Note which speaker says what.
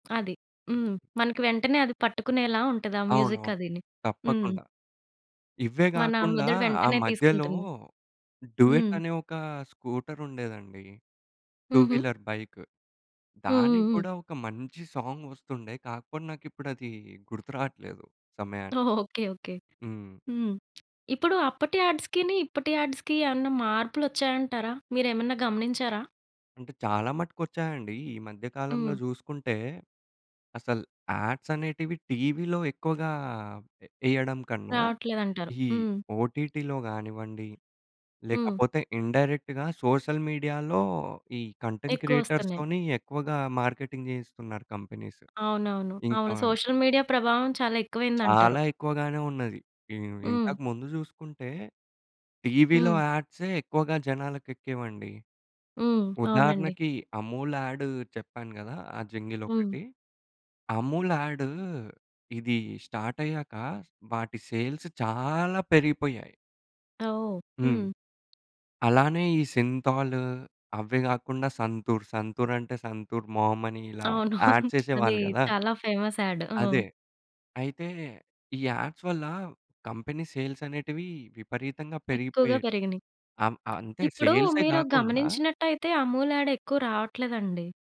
Speaker 1: అది. హ్మ్. మనకి వెంటనే అది పట్టుకునేలా ఉంటది. ఆ మ్యూజిక్
Speaker 2: అవునవును.
Speaker 1: అదిని. హ్మ్.
Speaker 2: తప్పకుండా. ఇవ్వే
Speaker 1: మన
Speaker 2: గాకుండా
Speaker 1: మెదడు
Speaker 2: ఆ
Speaker 1: వెంటనే
Speaker 2: మధ్యలో
Speaker 1: తీసుకుంటుంది. హ్మ్.
Speaker 2: డూయెట్ అనే ఒకా స్కూటర్ ఉండేదండి. 2
Speaker 1: హుహు.
Speaker 2: Wheeler bike. దానికి
Speaker 1: హుహుహు.
Speaker 2: గూడా ఒక మంచి సాంగ్ వస్తుండే. కాక పోయిన ఇప్పుడు అదీ గుర్తురాట్లేదు సమయానికి.
Speaker 1: ఓహ్! Okay, okay.
Speaker 2: హ్మ్.
Speaker 1: హ్మ్. ఇప్పుడు అప్పటి యాడ్స్‌కీని ఇప్పటి యాడ్స్‌కి ఏవన్నా మార్పులొ‌చ్చాయంటారా? మీరేమన్నా గమనించారా?
Speaker 2: అంటే చాలా మటుకు వచ్చాయండీ. ఈ మధ్య కాలంలో
Speaker 1: హ్మ్.
Speaker 2: జూసుకుంటే, అసలు యాడ్స్ అనేటివి టీవీలో ఎక్కువగా ఎ ఎయ్యడం కన్నా,
Speaker 1: రావట్లేదంటారు,
Speaker 2: ఈ
Speaker 1: హ్మ్.
Speaker 2: ఓటీటీలో గానివ్వండి,
Speaker 1: హ్మ్.
Speaker 2: లేకపోతే ఇండైరెక్ట్‌గా సోషల్ మీడియాలో ఈ కంటెంట్
Speaker 1: ఎక్కువస్తన్నాయి.
Speaker 2: క్రియేటర్స్‌తోనీ ఎక్కువగా మార్కెటింగ్ చేయిస్తున్నారు కంపెనీస్.
Speaker 1: అవునవును.
Speaker 2: ఇంకా
Speaker 1: అవును. సోషల్ మీడియా ప్రభావం చాలా ఎక్కువైంది అంటారు.
Speaker 2: చాలా ఎక్కువగానే ఉన్నది. ఇ
Speaker 1: హ్మ్.
Speaker 2: ఇంతక ముందు జూసుకుంటే, టీవీలో
Speaker 1: హ్మ్.
Speaker 2: యాడ్సే ఎక్కువగా జనాలకి ఎక్కేవండి.
Speaker 1: హ్మ్. అవునండి.
Speaker 2: ఉదాహరణకి అమూల్ యాడ్ చెప్పాను గదా! ఆ జంగిల్
Speaker 1: హ్మ్.
Speaker 2: ఒకటి. అమూల్ యా‌డు, ఇదీ స్టార్ట్ అయ్యాకా, వాటి సేల్స్ చాలా పెరిగిపొయ్యాయి.
Speaker 1: ఓహ్!
Speaker 2: హ్మ్.
Speaker 1: హ్మ్.
Speaker 2: అలానే ఈ సింథాలూ, అవ్వే గాకుండా సంతూర్, సంతూర్ అంటే సంతూర్ మామ్ అని ఇలా
Speaker 1: అవును.
Speaker 2: యాడ్
Speaker 1: అదీ
Speaker 2: చేసేవాళ్ళు గదా!
Speaker 1: చాలా ఫేమస్ యాడ్. ఆ!
Speaker 2: అదే. అయితే ఈ యాడ్స్ వల్లా కంపెనీ సేల్స్ అనేటివీ, విపరీతంగా
Speaker 1: ఎక్కువగా
Speaker 2: పెరిగిపోయేట్
Speaker 1: పెరిగినియి.
Speaker 2: అమ్ అంతే
Speaker 1: ఇప్పుడూ
Speaker 2: సేల్సే
Speaker 1: మీరు
Speaker 2: గాకుండా
Speaker 1: గమనించినట్టైతే అమూల్ యాడ్ ఎక్కువ రావట్లేదండి.